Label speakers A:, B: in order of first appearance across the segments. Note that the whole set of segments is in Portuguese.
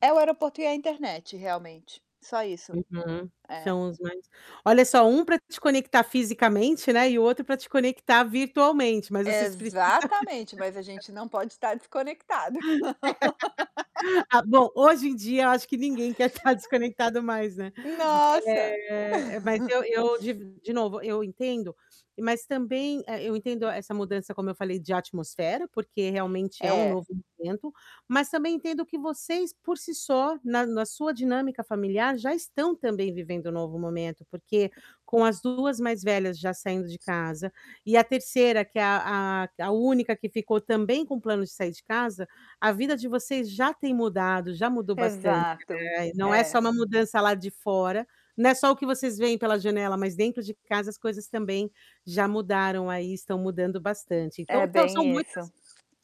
A: É o aeroporto e é a internet, realmente, só isso.
B: Uhum.
A: É.
B: São os mais olha só, um pra te conectar fisicamente, né, e o outro pra te conectar virtualmente, mas vocês precisam
A: Exatamente, mas a gente não pode estar desconectado.
B: Ah, bom, hoje em dia eu acho que ninguém quer tá desconectado mais, né,
A: Nossa!
B: eh, mas eu eu div de novo, eu entendo, mas também eh, eu entendo essa mudança como eu falei, de atmosfera, porque realmente é um
A: É.
B: novo momento, mas também entendo que vocês, por si só, na na sua dinâmica familiar, já estão também vivendo um novo momento, porque com as 2 mais velhas já saindo de casa e a terceira que é a a a única que ficou também com plano de sair de casa, a vida de vocês já tem mudado, já mudou bastante,
A: Exato.
B: né, e não é só
A: É.
B: uma mudança lá de fora, não é só o que vocês vêem pela janela, mas dentro de casa as coisas também já mudaram aí e estão mudando bastante.
A: É
B: Então tão são
A: bem isso.
B: muitas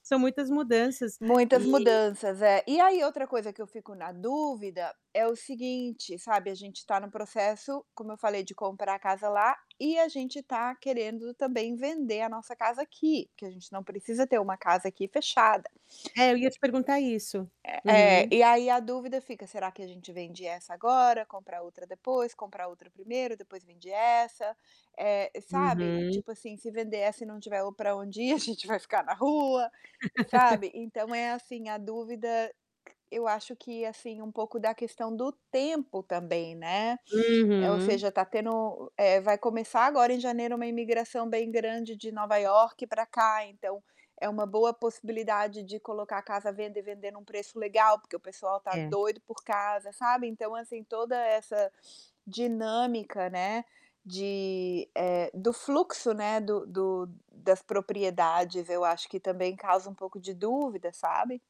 B: são muitas mudanças,
A: Muitas
B: eh
A: mudanças, é. E aí outra coisa que eu fico na dúvida, é o seguinte, sabe, a gente tá no processo, como eu falei, de comprar a casa lá e a gente tá querendo também vender a nossa casa aqui, que a gente não precisa ter uma casa aqui, fechada.
B: É, eu ia te perguntar isso.
A: É, é,
B: Uhum.
A: e aí a dúvida fica: "Será que a gente vende essa agora, compra a outra depois, compra a outra primeiro, depois vende essa", eh, sabe,
B: Uhum.
A: tipo assim, se vender essa e não tiver ou pra onde ir, a gente vai ficar na rua, sabe. Então é assim, a dúvida, eu acho que, assim, um pouco da questão do tempo também, né, eh, ou
B: Uhum.
A: seja, tá tendo é, vai começar agora em janeiro uma imigração bem grande de Nova York pra cá, então é uma boa possibilidade de colocar a casa à venda e vender num preço legal, porque o pessoal tá
B: É.
A: doido por casa, sabe? Então, assim, toda essa dinâmica, né, de, eh, do fluxo, né, do do das propriedades, eu acho que também causa um pouco de dúvida, sabe.